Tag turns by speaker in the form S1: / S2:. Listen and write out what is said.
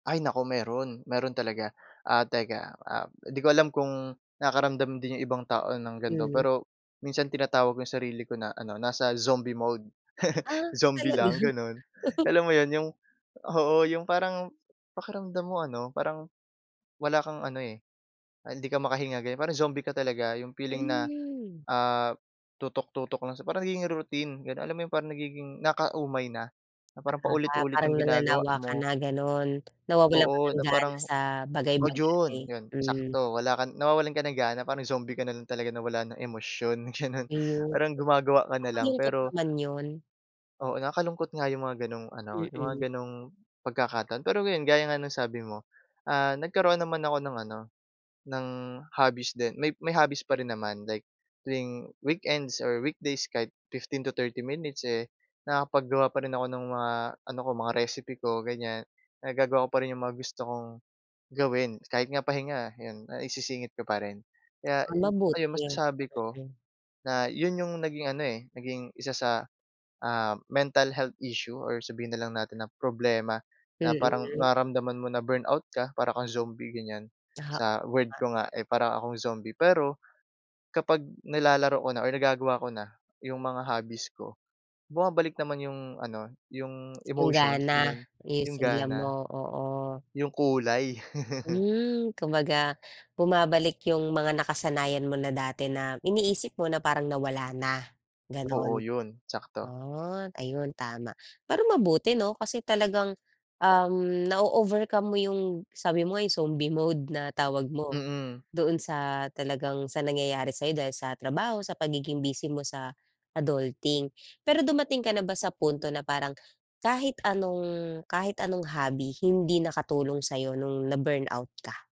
S1: Ay naku, meron meron talaga, ah, teka, ah, 'di ko alam kung nakakaramdam din yung ibang tao ng gan'to,
S2: Mm.
S1: pero minsan, tinatawag yung sarili ko na, ano, nasa zombie mode.
S2: Ah,
S1: Zombie
S2: talaga?
S1: lang, gano'n? Alam mo yon, yung oo, yung parang, pakiramdam mo, ano, parang wala kang ano, eh, hindi ka makahinga, ganyan, parang zombie ka talaga, 'yong feeling na,
S2: Hmm.
S1: ah, tutok-tutok lang siya, parang nagiging routine, ganun, alam mo 'yong parang nagiging, nakaka-umay na, na parang
S2: Ah,
S1: paulit-ulit
S2: parang
S1: yung ginagawa
S2: nananawa ka
S1: mo.
S2: na ganun, nawawalan ka
S1: Oo,
S2: ng
S1: na
S2: gana
S1: parang
S2: sa
S1: oh,
S2: bagay-bagay,
S1: yun, yun,
S2: hmm.
S1: sakto, wala kang nawawalan ka ng gana, parang zombie ka na rin talaga na wala ng emosyon, ganun,
S2: Iyon,
S1: parang gumagawa ka na lang
S2: nakakalungkot
S1: pero
S2: naman yun.
S1: Oo, nakakalungkot nga 'yong mga ganong, ano, 'yong mga
S2: Mm.
S1: ganong pagkakataon, pero, ngayon gaya nga ng sabi mo, ah, nagkaroon naman ako ng ano, ng hobbies din, may may hobbies pa rin naman, like tuwing weekends or weekdays kahit 15-30 minutes, eh, nakakapaggawa pa rin ako ng mga ano ko, mga recipe ko ganyan, nagagawa ko pa rin 'yong mga gusto kong gawin. Kahit nga pahinga, 'yon, naisisingit ko pa rin. Kaya,
S2: Ah,
S1: eh, ayun,
S2: mabuti,
S1: masasabi ko
S2: mm.
S1: na 'yon 'yong naging ano, eh, naging 1 sa, ah, mental health issue, or sabihin na lang natin ng problema, na parang
S2: Mm.
S1: nararamdaman mo na burnout ka, para akong zombie ganyan,
S2: Aha.
S1: sa word
S2: Tama.
S1: ko nga, eh, para akong zombie. Pero, kapag nilalaro ko na or nagagawa ko na yung mga hobbies ko, bumabalik naman yung ano, yung
S2: Yung
S1: emotions
S2: gana,
S1: ganon,
S2: o yung
S1: yung
S2: sigla
S1: gana.
S2: mo, oo.
S1: Yung kulay.
S2: Hmm, kumbaga, bumabalik yung mga nakasanayan mo na dati na iniisip mo na parang nawala na, ganon.
S1: Oo, yun, sakto.
S2: Oh, ayun tama. Pero mabuti 'no, kasi, talagang, um, nao-overcome mo yung sabi mo nga, yung zombie mode, na tawag mo,
S1: Mm.
S2: doon sa talagang sa nangyayari sa'yo, dahil sa trabaho, sa pagiging busy mo sa adulting. Pero dumating ka na ba sa punto na parang, kahit anong kahit anong hobby, hindi nakatulong sa'yo nung na burnout ka?